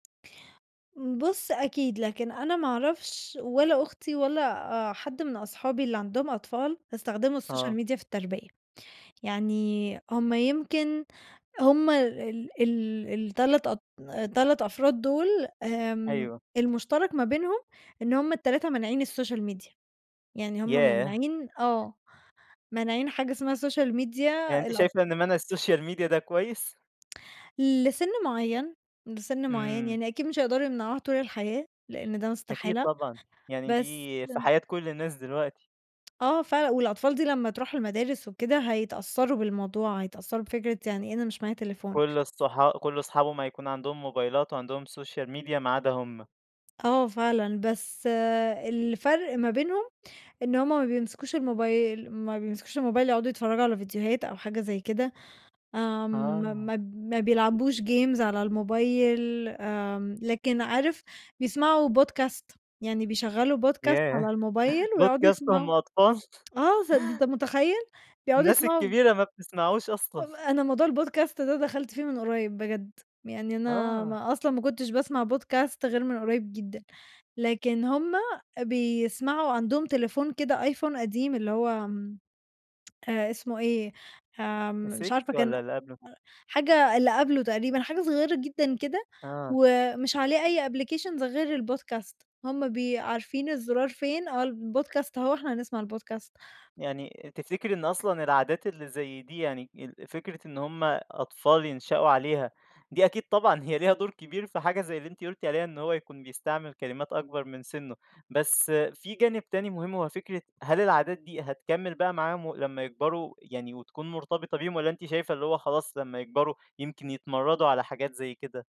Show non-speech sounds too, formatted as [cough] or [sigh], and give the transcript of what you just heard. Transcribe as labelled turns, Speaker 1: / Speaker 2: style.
Speaker 1: بُص، أكيد. لكن أنا ما أعرفش ولا أختي ولا آآ حد من أصحابي اللي عندهم أطفال يستخدموا السوشيال
Speaker 2: آه.
Speaker 1: ميديا في التربية. يعني هم يمكن هم ال ال ال3- أط 3 أفراد دول، آمم
Speaker 2: أيوه.
Speaker 1: المُشترَك ما بينهم إن هم ال3 مانعين السوشيال ميديا. يعني هم
Speaker 2: ياه!
Speaker 1: مانعين آه، مانعين حاجة اسمها سوشيال ميديا
Speaker 2: يعني أنتِ
Speaker 1: الاطف
Speaker 2: شايفة إن مَنْع السوشيال ميديا ده كويس؟
Speaker 1: لسِن معيّن، لسِن معيّن.
Speaker 2: إمم.
Speaker 1: يعني أكيد مش هيقدروا يمنعوها طول الحياة، لإن ده
Speaker 2: أكيد
Speaker 1: استحالة
Speaker 2: طبعًا. يعني
Speaker 1: بس
Speaker 2: دي في حياة كل الناس دلوقتي.
Speaker 1: آه فعلًا. والأطفال دي لمّا تروح المدارس وكده، هيتأثّروا بالموضوع، هيتأثّروا بفكرة يعني إيه أنا مش معايا تليفون.
Speaker 2: كل الصح كل اصحابهم هيكون عندهم موبايلات وعندهم سوشيال ميديا ما عدا هم.
Speaker 1: آه، فعلًا. بس الفَرْق ما بينهم، إن هم ما بيمسكوش الموبايل ما بيمسكوش الموبايل يقعدوا يتفرّجوا على فيديوهات أو حاجة زي كده، آمم ما
Speaker 2: آه.
Speaker 1: ما ما بيلعبوش games على الموبايل، آمم، لكن عارف بيسمعوا podcast، يعني بيشغّلوا podcast
Speaker 2: ياه،
Speaker 1: على الموبايل
Speaker 2: [chuckles]
Speaker 1: ويقعدوا
Speaker 2: podcast وهم
Speaker 1: يسمعوه،
Speaker 2: أطفال!
Speaker 1: آه. س أنت
Speaker 2: [chuckles]
Speaker 1: مُتخيّل؟! بيقعدوا
Speaker 2: الناس
Speaker 1: يسمعوا
Speaker 2: الكبيرة ما بتسمعوش أصلًا.
Speaker 1: آآ، ب
Speaker 2: [chuckles]
Speaker 1: أنا موضوع الpodcast ده دخلْت فيه من قريّب بجد، يعني أنا
Speaker 2: آه.
Speaker 1: ما أصلًا ما كنتش باسمع podcast غير من قريّب جدًا، لكن هم بيسمعوا عندهم تليفون كده، آيفون قديم اللي هو م اسمه إيه؟ آمم، مش
Speaker 2: ال6
Speaker 1: عارفة كان
Speaker 2: والّا اللي قبله؟
Speaker 1: حاجة اللي قبله تقريبًا حاجة صغيّرة جدًا كده
Speaker 2: آه.
Speaker 1: ومش عليه أي applications غير الpodcast، هم بي عارفين الزُرار فين آه الpodcast، هو إحنا هنسمع الpodcast.
Speaker 2: يعني تفتكري إن أصلًا العادات اللي زي دي يعني ال فكرة إن هم أطفال ينشئوا عليها، دي أكيد طبعًا هي ليها دور كبير في حاجة زي اللي أنتِ قُلتِ عليها، إن هو يكون بيستعمل كلمات أكبر من سِنّه، بس في جانب تاني مهم، هو فكرة هل العادات دي هتكمِّل بقى معاهم و لمّا يكبروا يعني وتكون مرتبطة بيهم والّا أنتِ شايفة اللي هو خلاص، لمّا يكبروا يمكن يتمرّدوا على حاجات زي كده؟